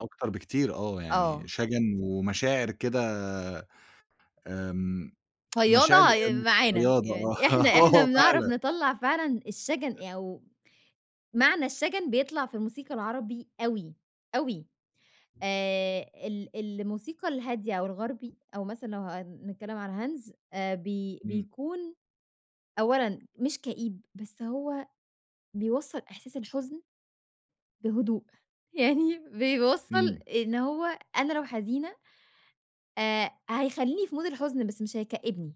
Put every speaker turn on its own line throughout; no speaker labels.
أكتر بكتير، آه يعني
آه.
شجن ومشاعر كده آمم،
فياضة
مشاعر
آآ،
أ
معانا،
فياضة آه،
يعني إحنا إحنا
آه
بنِعرَف
فعلًا.
نِطَلَّع فعلًا
أ
الشجن أو معنى الشجن بيطلع في الموسيقى العربي أوي، أوي. آآ، ال الموسيقى الهادية أو الغربي أو مثلًا لو هنتكلم على Hans آآ، بي
إمم.
بيكون أولًا مش كئيب، بس هو بيوصَّل إحساس الحزن بهدوء. يعني بيوصَّل
إمم.
إن هو أنا لو حزينة آآ، هيخلّيني في mood الحزن بس مش هيكئّبني،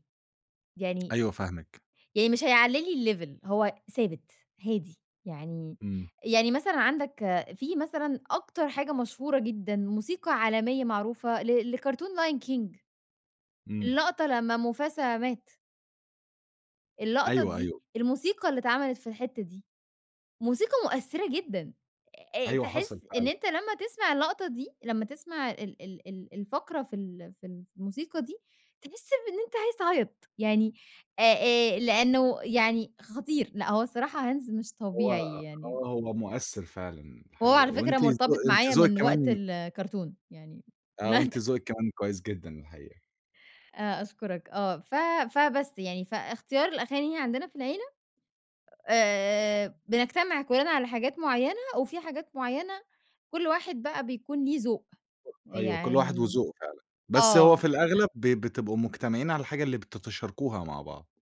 يعني
أيوه، فاهمِك.
يعني مش هيعلّي لي الlevel، هو ثابت، هادي. يعني
إمم.
يعني مثلًا عندك في مثلًا أكتر حاجة مشهورة جدًا موسيقى عالمية معروفة ل لكرتون Lion King،
إمم.
اللقطة لمّا موفاسا مات. اللقطة
أيوه،
دي،
أيوه.
الموسيقى اللي اتعملِت في الحتّة دي موسيقى مؤثرة جدًا. أ
أيوه، حصل
تحس إن
فعلًا.
أنت لمّا تِسمَع اللقطة دي، لمّا تِسمَع ال ال ال الفقرة في ال في ال في الموسيقى دي تحس بإن أنت عايز تعيط يعني، آآ، لأنه يعني خطير. لأ هو صراحة Hans مش
هو
طبيعي يعني.
آه، هو مؤثِّر فعلًا
وهو
الحقيقة،
على فكرة
وأنتِ
مرتبط
ذو أنتِ
معايا
ذوقِك
من وقت
كمان
ال الكرتون، يعني
آه، وأنتِ ذوقِك كمان كويس جدًا الحقيقة.
آآ، أشكرك آه. ف فبس يعني فإختيار الأغاني عندنا في العيلة آآ، بنجتمع كلّنا على حاجات معيّنة، وفي حاجات معيّنة كُلّ واحد بَقى بيكون ليه ذوق،
[unintelligible] أيوه، كل واحد
يعني
وذوقه فعلًا. بس هو
آه.
في الأغلب ب بتبقوا مجتمعين على الحاجة اللي بتتشاركوها مع بعض.